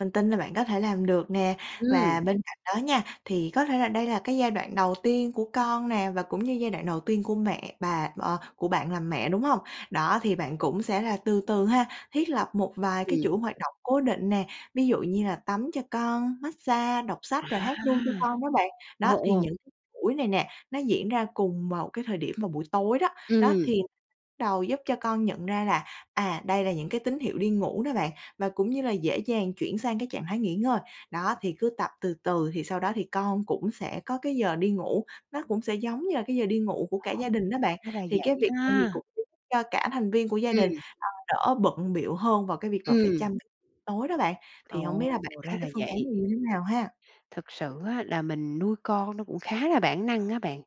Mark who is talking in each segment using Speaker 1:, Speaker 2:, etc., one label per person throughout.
Speaker 1: Mình tin là bạn có thể làm được nè.
Speaker 2: Ừm.
Speaker 1: Và bên cạnh đó nha, thì có thể là đây là cái giai đoạn đầu tiên của con nè, và cũng như giai đoạn đầu tiên của mẹ bà ờ, của bạn làm mẹ, đúng hông? Đó, thì bạn cũng sẽ là từ từ ha, thiết lập một vài cái
Speaker 2: Ừm.
Speaker 1: chuỗi hoạt động cố định nè. Ví dụ như là tắm cho con, massage đọc sách
Speaker 2: À!
Speaker 1: rồi hát ru cho con đó bạn. Đó
Speaker 2: Ồ,
Speaker 1: thì
Speaker 2: ồ.
Speaker 1: những buổi này nè, nó diễn ra cùng một cái thời điểm vào buổi tối đó. Đó,
Speaker 2: Ừm.
Speaker 1: thì bắt đầu giúp cho con nhận ra là, à, đây là những cái tín hiệu đi ngủ đó bạn, và cũng như là dễ dàng chuyển sang cái trạng thái nghỉ ngơi. Đó, thì cứ tập từ từ thì sau đó thì con cũng sẽ có cái giờ đi ngủ, nó cũng sẽ giống như là cái giờ đi ngủ của cả gia đình đó bạn.
Speaker 2: [unintelligible] Ra là
Speaker 1: Thì cái
Speaker 2: vậy
Speaker 1: việc này thì
Speaker 2: ha.
Speaker 1: cũng giúp cho cả thành viên của gia đình,
Speaker 2: Ừm.
Speaker 1: ờ, đỡ bận bịu hơn vào cái việc mà phải
Speaker 2: Ừm.
Speaker 1: chăm tối đó bạn. Thì hổng biết
Speaker 2: Ồ.
Speaker 1: là bạn
Speaker 2: Ra
Speaker 1: thấy
Speaker 2: là
Speaker 1: cái phương án
Speaker 2: vậy.
Speaker 1: này như thế nào ha?
Speaker 2: Thực sự á là mình nuôi con nó cũng khá là bản năng á bạn.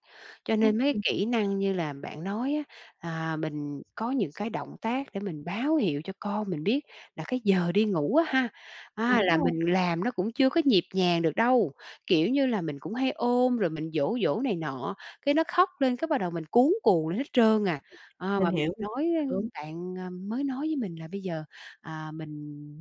Speaker 2: Cho nên mấy
Speaker 1: Ừm.
Speaker 2: kỹ năng như là bạn nói á, à, mình có những cái động tác để mình báo hiệu cho con mình biết là cái giờ đi ngủ á ha, à,
Speaker 1: Đúng
Speaker 2: là
Speaker 1: rồi.
Speaker 2: mình làm nó cũng chưa có nhịp nhàng được đâu. Kiểu như là, mình cũng hay ôm rồi mình dỗ dỗ này nọ, cái nó khóc lên cái bắt đầu mình cuống cuồng lên hết trơn à. À,
Speaker 1: Mình
Speaker 2: mà mình
Speaker 1: hiểu.
Speaker 2: nói
Speaker 1: Đúng.
Speaker 2: bạn, ờ, mới nói với mình là bây giờ, à, mình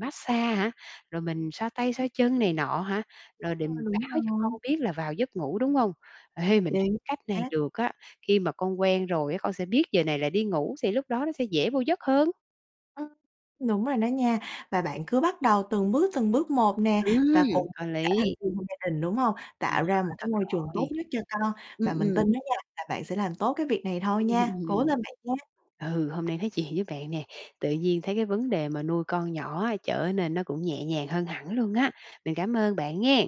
Speaker 2: massage hả? Rồi mình xoa tay xoa chân này nọ hả?
Speaker 1: Đúng
Speaker 2: Rồi để
Speaker 1: rồi, đúng
Speaker 2: báo cho con
Speaker 1: rồi.
Speaker 2: biết là vào giấc ngủ, đúng hông? Ê, mình thấy
Speaker 1: Chính
Speaker 2: cái cách này
Speaker 1: xác.
Speaker 2: được á, khi mà con quen rồi á, con sẽ biết giờ này là đi ngủ thì lúc đó nó sẽ dễ vô giấc hơn.
Speaker 1: Ừm. Đúng rồi đó nha. Và bạn cứ bắt đầu từng bước, từng bước một nè, và cùng
Speaker 2: Ừm,
Speaker 1: tất
Speaker 2: có
Speaker 1: cả
Speaker 2: lý.
Speaker 1: thành viên trong gia đình, đúng hông, tạo ra một
Speaker 2: [unintelligible]
Speaker 1: cái
Speaker 2: thật
Speaker 1: môi trường tốt
Speaker 2: rồi.
Speaker 1: nhất cho con
Speaker 2: Ừm,
Speaker 1: và mình
Speaker 2: ừm.
Speaker 1: tin đó nha là bạn sẽ làm tốt cái việc này thôi nha. Cố lên bạn nha.
Speaker 2: Ừ, hôm nay nói chuyện với bạn nè. Tự nhiên thấy cái vấn đề mà nuôi con nhỏ trở nên nó cũng nhẹ nhàng hơn hẳn luôn á. Mình cảm ơn bạn nghen.